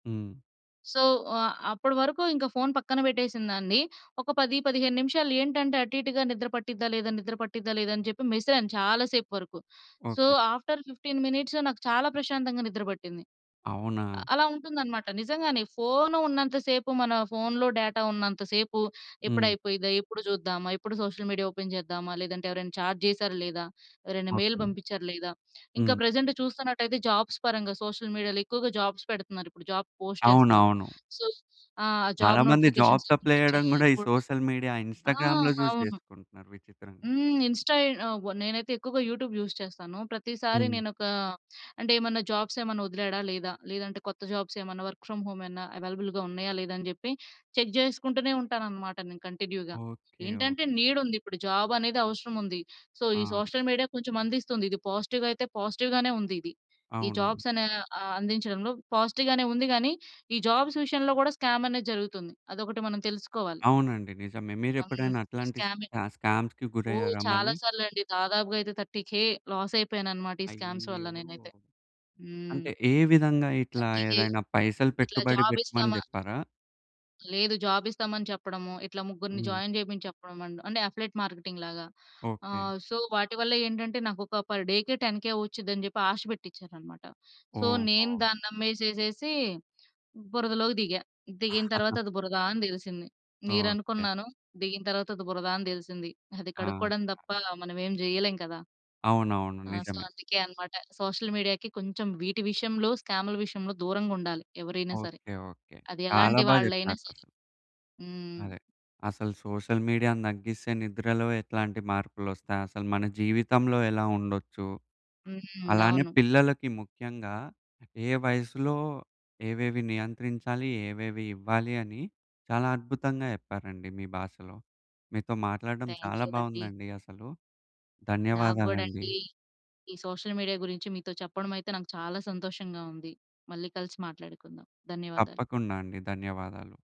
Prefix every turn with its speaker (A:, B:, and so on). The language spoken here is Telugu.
A: హ్మ్.
B: సో, అ అప్పుడు వరకు ఇంక ఫోన్ పక్కన పెట్టేసిందాన్ని, ఒక 10, 15 నిమిషాలు ఏంటంటే, అటు ఇటుగా నిద్ర పట్టిద్దా, లేదా నిద్ర పట్టిద్దా, లేదా అని జెప్పి మెసిలాను చాలా సేపు వరకు. So,
A: okay.
B: ఆఫ్టర్ 15 మినిట్స్ నాకు చాలా ప్రశాంతంగా నిద్ర పట్టింది. అ
A: అవునా?
B: అలా ఉంటుందనమాట నిజంగానే, ఫోన్ ఉన్నంత సేపు, మన ఫోన్‌లో డేటా ఉన్నంత సేపు, ఎప్పుడు
A: హ్మ్.
B: అయిపోయిందా ఎప్పుడు జూద్దామా, ఎప్పుడు సోషల్ మీడియా ఓపెన్ చేద్దామా, లేదంటే ఎవరైనా చాట్ జేసారా లేదా, ఎవరైనా మెయిల్
A: ఓకే.
B: పంపించారా లేదా, ఇంకా
A: హ్మ్.
B: ప్రెజెంట్ చూస్తున్నటయితే జాబ్స్ పరంగా, సోషల్ మీడియాలో ఎక్కువగా జాబ్స్ పెడుతున్నారు ఇప్పుడు, జాబ్స్ పోస్ట్ చేస్తున్నారు.
A: అవునవును.
B: సో, ఆ
A: చాలా
B: జాబ్
A: మంది
B: నోటిఫికేషన్స్
A: జాబ్స్ అప్లై
B: వచ్చాయ
A: జేయడం గూడా, ఈ
B: [unintelligible]
A: సోషల్ మీడియా,
B: ఆ!
A: ఇన్స్‌స్టా‌గ్రామ్‌లో జూసి
B: అవును.
A: చేసుకుంటున్నారు విచిత్రంగా.
B: హ్మ్. ఇన్‌స్టా ఎ నేనైతే ఎక్కువగా యూట్యూబ్ యూజ్ చేస్తాను. ప్రతిసారి
A: హ్మ్.
B: నేను ఒక, అంటే ఏమన్నా జాబ్స్ ఏమైనా వదిలాడా లేదా, లేదంటే కొత్త జాబ్స్ ఏమన్నా వర్క్ ఫ్రామ్ హోమ్ ఏమైనా అవైలబుల్‌గా ఉన్నాయా లేదా అని జెప్పి చెక్ చేసుకుంటూనే ఉంటాను అన్నమాట నేను కంటిన్యూ‌గా.
A: ఓకే.
B: ఏంటంటే,
A: ఓకే.
B: నీడ్ ఉంది ఇప్పుడు జాబ్ అనేది అవసరం ఉంది. సో, ఈ
A: ఆ!
B: సోషల్ మీడియా కొంచెం అందిస్తుంది. ఇది పాజిటివ్‌ అయితే పాజిటివ్‌గానే ఉంది ఇది ఈ
A: అవునవును.
B: జాబ్స్ అనే ఆహ్, అందించడంలో పాజిటివ్‌గానే ఉంది కానీ, ఈ జాబ్స్ విషయంలో కూడా స్కామ్ అనేది జరుగుతుంది అదొకటి మనం తెలుసుకోవాలి.
A: అవునండి. నిజమే మీరు
B: హ్మ్.
A: ఎప్పుడైనా అట్లాంటి
B: స్కామే
A: స్కా స్కామ్స్‌కి
B: ఓహ్!
A: గురయ్యారా?
B: చాలా
A: మళ్ళీ.
B: సార్లు అండి దాదాపుగా అయితే 30,000 లాస్ అయిపోయాను అన్నమాట. ఈ స్కామ్స్ వల్ల
A: అయ్యయ్యయో!
B: నేనైతే. హ్మ్.
A: అంటే ఏ విధంగా ఇట్లా
B: 30,000
A: ఏదైనా పైసలు
B: ఇట్లా
A: పెట్టుబడి
B: జాబ్
A: పెట్టమని
B: ఇస్తామా
A: జెప్పారా?
B: లేదు జాబ్ ఇస్తామని చెప్పడము. ఇట్లా ముగ్గురిని
A: హ్మ్.
B: జాయిన్ చేయమని చెప్పడం అంటే అఫిలియేట్ మార్కెటింగ్‌లాగా
A: ఓకే.
B: ఆహ్, సో, వాటివల్ల ఏంటంటే, నాకు ఒక పర్ డే కే 10,000 వచ్చుద్ది అని జెప్పి ఆశ పెట్టచ్చారన్నమాట. సో, నేను
A: ఓహో!
B: దాన్ని నమ్మేసేసేసి బురదలోకి దిగా, దిగిన తర్వాత అది బురదా అని దెలిసింది. నీరు
A: ఓకే.
B: అనుకున్నాను దిగిన తర్వాత అది బురదా అని దెలిసింది, అది
A: ఆహా!
B: కడుక్కోవడం దప్ప మనమేం జేయలేం కదా!
A: అవునవును
B: ఆ! సో,
A: నిజమే.
B: అందుకే అన్నమాట. సోషల్ మీడియా‌కి కొంచెం వీటి విషయంలో స్కామ్‌ల విషయంలో దూరంగా ఉండాలి. ఎవరైనా సరే.
A: ఓకే. ఓకే.
B: అది
A: చాలా
B: ఎలాంటి
A: బా
B: వాళ్ళయినా
A: జెప్పారు అసలు.
B: హ్మ్.
A: అదే. అసలు సోషల్ మీడియా‌ని తగ్గిస్తే నిద్రలో ఎట్లాంటి మార్పులోస్తాయి, అసలు మన జీవితంలో ఎలా ఉండొచ్చు,
B: హ్మ్.
A: అలానే
B: అవును.
A: పిల్లలకి ముఖ్యంగా ఏ వయసులో ఏవేవి నియంత్రించాలి, ఏవేవి ఇవ్వాలి అని చాలా అద్భుతంగా చెప్పారండి మీ భాషలో. మీతో మాట్లాడటం చాలా
B: థాంక్యూ అండి.
A: బాగుందండి అసలు.
B: నాకు గూడా
A: ధన్యవాదాలండి.
B: అండి. ఈ సోషల్ మీడియా గురించి మీతో చెప్పడం అయితే నాకు చాలా సంతోషంగా ఉంది. మళ్ళీ కలిసి మాట్లాడుకుందాం. ధన్యవాదాలు.
A: తప్పకుండా అండి ధన్యవాదాలు.